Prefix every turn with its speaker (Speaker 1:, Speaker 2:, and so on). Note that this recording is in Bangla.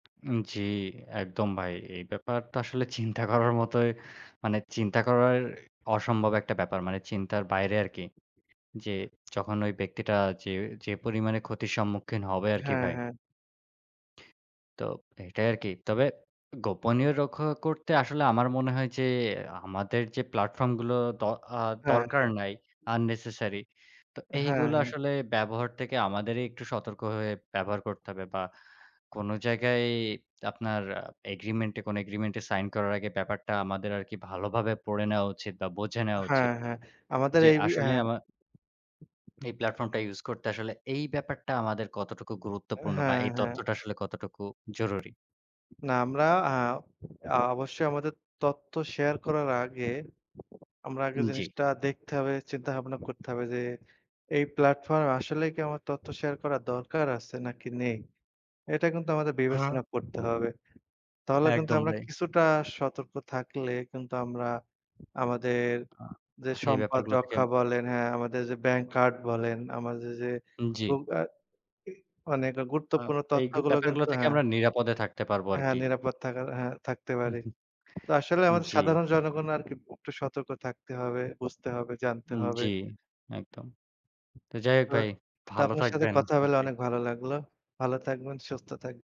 Speaker 1: উ জ্বি, একদম ভাই। এই ব্যাপার তো আসলে চিন্তা করার মতোই, মানে চিন্তা করার অসম্ভব একটা ব্যাপার। মানে চিন্তার বাইরে আরকি। যে যখন ওই ব্যক্তিটা যে যে পরিমাণে ক্ষতির সম্মুখীন হবে আরকি
Speaker 2: হ্যাঁ,
Speaker 1: ভাই।
Speaker 2: হ্যাঁ।
Speaker 1: তো এটাই আরকি। তবে গোপনীয় রক্ষা করতে আসলে আমার মনে হয়, যে আমাদের যে প্ল্যাটফর্ম গুলো দ আ
Speaker 2: হ্যাঁ,
Speaker 1: দরকার
Speaker 2: হ্যাঁ।
Speaker 1: নাই। unnecessary। তো
Speaker 2: হ্যাঁ,
Speaker 1: এইগুলো
Speaker 2: হ্যাঁ।
Speaker 1: আসলে ব্যবহার থেকে আমাদেরই একটু সতর্ক হয়ে, ব্যবহার করতে হবে। বা কোন জায়গায় আপনার এগ্রিমেন্টে কোন এগ্রিমেন্টে সাইন করার আগে, ব্যাপারটা আমাদের আরকি ভালোভাবে পড়ে নেয়া উচিত বা বোঝে নেয়া
Speaker 2: হ্যাঁ,
Speaker 1: উচিত।
Speaker 2: হ্যাঁ। আমাদের
Speaker 1: যে
Speaker 2: এই বি
Speaker 1: আসলে
Speaker 2: হ্যাঁ।
Speaker 1: আমার এই প্ল্যাটফর্ম টা ইউস করতে আসলে এই ব্যাপারটা আমাদের কতটুকু গুরুত্বপূর্ণ, বা
Speaker 2: হ্যাঁ,
Speaker 1: এই
Speaker 2: হ্যাঁ।
Speaker 1: তথ্যটা আসলে কতটুকু জরুরি।
Speaker 2: না, আমরা আ আ অবশ্যই আমাদের তথ্য শেয়ার করার আগে, আমরা আগে
Speaker 1: উ জ্বি।
Speaker 2: জিনিসটা দেখতে হবে, চিন্তা ভাবনা করতে হবে, যে এই প্লাটফর্ম আসলেই কি আমার তথ্য শেয়ার করার দরকার আছে, নাকি নেই। এটা কিন্তু আমাদের
Speaker 1: হ্যাঁ।
Speaker 2: বিবেচনা করতে হবে। তাহলে কিন্তু
Speaker 1: একদম
Speaker 2: আমরা
Speaker 1: ভাই।
Speaker 2: কিছুটা সতর্ক থাকলে কিন্তু আমরা আমাদের
Speaker 1: আ
Speaker 2: যে
Speaker 1: এই
Speaker 2: সম্পদ
Speaker 1: ব্যাপারগুলো থেকে
Speaker 2: রক্ষা বলেন, হ্যাঁ আমাদের যে ব্যাংক কার্ড বলেন, আমাদের যে
Speaker 1: উ
Speaker 2: গ
Speaker 1: জ্বি।
Speaker 2: আ মানে একটা
Speaker 1: আ
Speaker 2: গুরুত্বপূর্ণ
Speaker 1: এই
Speaker 2: তথ্যগুলো
Speaker 1: ব্যাপারগুলো
Speaker 2: কিন্তু
Speaker 1: থেকে
Speaker 2: হ্যাঁ।
Speaker 1: আমরা নিরাপদে থাকতে পারবো
Speaker 2: হ্যাঁ
Speaker 1: আরকি।
Speaker 2: নিরাপদ থাকার, হ্যাঁ থাকতে
Speaker 1: হু,
Speaker 2: পারি। তো আসলে
Speaker 1: হু।
Speaker 2: আমাদের
Speaker 1: জ্বি।
Speaker 2: সাধারণ জনগণ আরকি প একটু সতর্ক থাকতে হবে, বুঝতে হবে, জানতে
Speaker 1: উ
Speaker 2: হবে।
Speaker 1: জ্বী, একদম। তো যাই হোক
Speaker 2: তো
Speaker 1: ভাই,
Speaker 2: তো
Speaker 1: ভালো
Speaker 2: আপনার সাথে
Speaker 1: থাকবেন
Speaker 2: কথা হলে
Speaker 1: আপনি।
Speaker 2: অনেক ভালো লাগলো। ভালো থাকবেন, সুস্থ থাকবেন।